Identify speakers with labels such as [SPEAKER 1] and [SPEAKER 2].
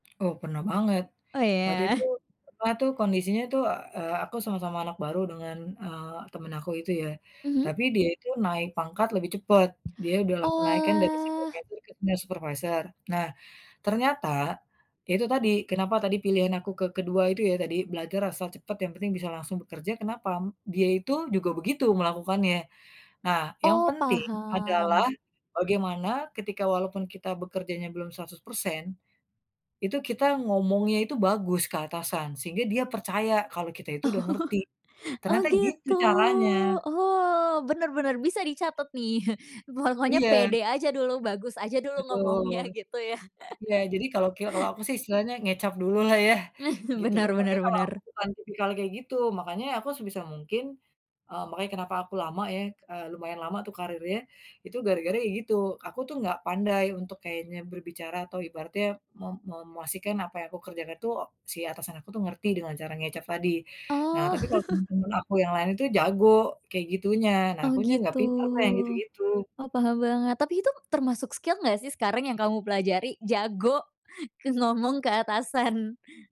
[SPEAKER 1] Oh, pernah banget.
[SPEAKER 2] Oh,
[SPEAKER 1] Waktu
[SPEAKER 2] iya?
[SPEAKER 1] itu pernah tuh kondisinya itu, eee, aku sama-sama anak baru dengan, eee, teman aku itu ya.
[SPEAKER 2] Mhm.
[SPEAKER 1] Tapi dia itu naik pangkat lebih cepet. Dia udah langsung naik kan, dari
[SPEAKER 2] Oalah!
[SPEAKER 1] supervisor ke senior supervisor. Nah, ternyata ya, itu tadi, kenapa tadi pilihan aku ke kedua itu ya tadi, belajar asal cepat yang penting bisa langsung bekerja, kenapa? Dia itu juga begitu melakukannya. Nah, yang
[SPEAKER 2] Oh,
[SPEAKER 1] penting adalah
[SPEAKER 2] paham.
[SPEAKER 1] bagaimana ketika walaupun kita bekerjanya belum 100%, itu kita ngomongnya itu bagus ke atasan. Sehingga dia percaya kalau kita
[SPEAKER 2] Oh.
[SPEAKER 1] itu udah ngerti.
[SPEAKER 2] Oh,
[SPEAKER 1] Ternyata gitu
[SPEAKER 2] gitu?
[SPEAKER 1] caranya.
[SPEAKER 2] Oh, bener bener, bisa dicatet nih. Pokoknya
[SPEAKER 1] Iya.
[SPEAKER 2] pede aja dulu, bagus aja dulu
[SPEAKER 1] Betul.
[SPEAKER 2] ngomongnya, gitu, ya?
[SPEAKER 1] Iya, jadi kalo kel kalo aku sih istilahnya ngecap dulu lah ya?
[SPEAKER 2] Eh,
[SPEAKER 1] Gitu
[SPEAKER 2] benar
[SPEAKER 1] loh. Tapi,
[SPEAKER 2] benar
[SPEAKER 1] kalo aku
[SPEAKER 2] benar.
[SPEAKER 1] bukan tipikal yang kayak gitu. Makanya aku sebisa mungkin eee, makanya kenapa aku lama ya eee, lumayan lama tuh karirnya, itu gara-gara ya gitu, aku tuh nggak pandai untuk kayaknya berbicara atau ibaratnya me me memastikan apa yang aku kerjakan tuh si atasan aku tuh ngerti dengan cara ngecap tadi. Nah,
[SPEAKER 2] Oh.
[SPEAKER 1] tapi, kalo teman-teman aku yang lain itu jago kayak gitunya. Nah,
[SPEAKER 2] Oh,
[SPEAKER 1] akunya nggak
[SPEAKER 2] gitu?
[SPEAKER 1] pinter tuh yang gitu-gitu.
[SPEAKER 2] Oh, paham banget. Tapi itu termasuk skill nggak sih sekarang yang kamu pelajari? Jago, ke ngomong ke atasan.